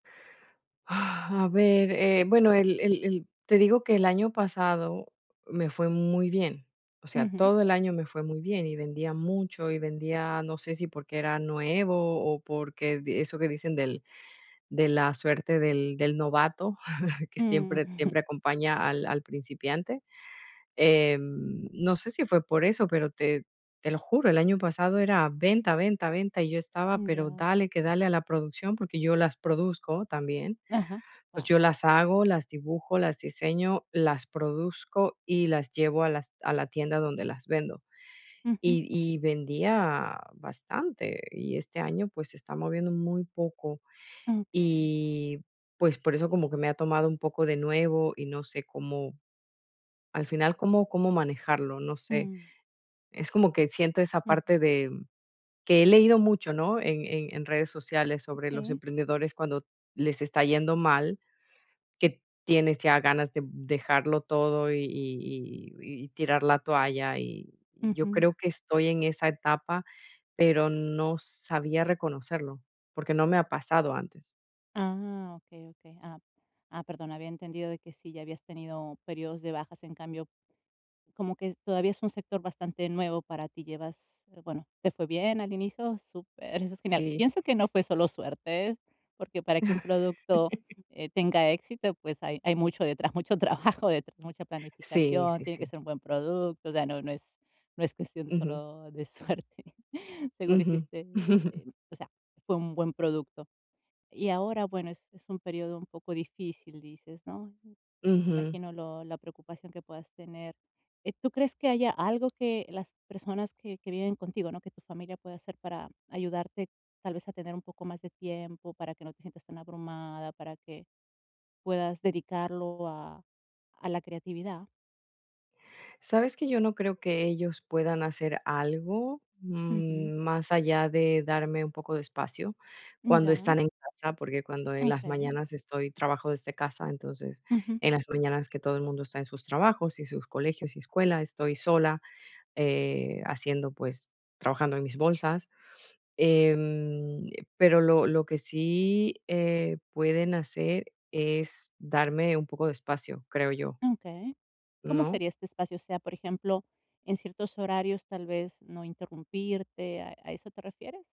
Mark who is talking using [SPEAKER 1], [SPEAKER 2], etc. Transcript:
[SPEAKER 1] A ver, eh, bueno, el el el te digo que el año pasado me fue muy bien. O sea,
[SPEAKER 2] Ujú.
[SPEAKER 1] todo el año me fue muy bien, y vendía mucho, y vendía, no sé si porque era nuevo, o porque di eso que dicen del de la suerte del del novato, que
[SPEAKER 2] Mm.
[SPEAKER 1] siempre siempre acompaña al al principiante. Em, no sé si fue por eso, pero te te lo juro, el año pasado era venta, venta, venta, y yo estaba,
[SPEAKER 2] Mm,
[SPEAKER 1] pero,
[SPEAKER 2] ya.
[SPEAKER 1] dale que dale a la producción, porque yo las produzco también.
[SPEAKER 2] Ajá,
[SPEAKER 1] Pues, yo
[SPEAKER 2] guau.
[SPEAKER 1] las hago, las dibujo, las diseño, las produzco, y las llevo a las a la tienda donde las vendo.
[SPEAKER 2] Ujú.
[SPEAKER 1] Y y vendía bastante y este año, pues, se está moviendo muy poco
[SPEAKER 2] Okey.
[SPEAKER 1] y, pues, por eso como que me ha tomado un poco de nuevo. Y no sé cómo, al final, cómo cómo manejarlo, no sé.
[SPEAKER 2] Mm.
[SPEAKER 1] Es como que siento esa
[SPEAKER 2] Ujú.
[SPEAKER 1] parte de que he leído mucho, ¿no?, en en en redes sociales sobre los
[SPEAKER 2] Sí.
[SPEAKER 1] emprendedores, cuando les está yendo mal, que tienes ya ganas de dejarlo todo, y y y y tirar la toalla, y yo
[SPEAKER 2] Ujú.
[SPEAKER 1] creo que estoy en esa etapa, pero no sabía reconocerlo porque no me ha pasado antes.
[SPEAKER 2] Ah, okey, okey. Ah. Ah, perdón, había entendido de que sí, ya habías tenido períodos de bajas. En cambio, como que todavía es un sector bastante nuevo para ti, llevas eh, bueno, ¿te fue bien al inicio? Súper, eso es genial.
[SPEAKER 1] Sí.
[SPEAKER 2] Pienso que no fue solo suerte, porque para que un producto, eh, tenga éxito, pues, hay hay mucho detrás, mucho trabajo detrás, mucha
[SPEAKER 1] Sí,
[SPEAKER 2] planificación,
[SPEAKER 1] sí,
[SPEAKER 2] tiene que
[SPEAKER 1] sí.
[SPEAKER 2] ser un buen producto. O sea, no no es no es cuestión de
[SPEAKER 1] Ujú.
[SPEAKER 2] solo de suerte. Seguro
[SPEAKER 1] Ujú.
[SPEAKER 2] hiciste, em o sea, fue un buen producto. Y ahora, bueno, es es un período un poco difícil, dices, ¿no? Me
[SPEAKER 1] Ujú.
[SPEAKER 2] imagino lo la preocupación que puedas tener. Eh, ¿tú crees que haya algo que las personas que que viven contigo, ¿no?, que tu familia pueda hacer para ayudarte, tal vez a tener un poco más de tiempo, para que no te sientas tan abrumada, para que puedas dedicarlo a a la creatividad?
[SPEAKER 1] Sabes que yo no creo que ellos puedan hacer algo,
[SPEAKER 2] Ujú.
[SPEAKER 1] mm, más allá de darme un poco de espacio
[SPEAKER 2] Mm,
[SPEAKER 1] cuando están
[SPEAKER 2] ya.
[SPEAKER 1] en casa, porque cuando en las
[SPEAKER 2] Okey.
[SPEAKER 1] mañanas estoy trabajo desde casa. Entonces,
[SPEAKER 2] Ujú.
[SPEAKER 1] en las mañanas que todo el mundo está en sus trabajos, y sus colegios, y escuela, estoy sola, eh, haciendo, pues trabajando en mis bolsas. Em, pero lo lo que sí, eh, pueden hacer es darme un poco de espacio, creo yo.
[SPEAKER 2] Okey. ¿Cómo
[SPEAKER 1] ¿No?
[SPEAKER 2] sería este espacio? O sea, por ejemplo, en ciertos horarios tal vez no interrumpirte. ¿A a eso te refieres?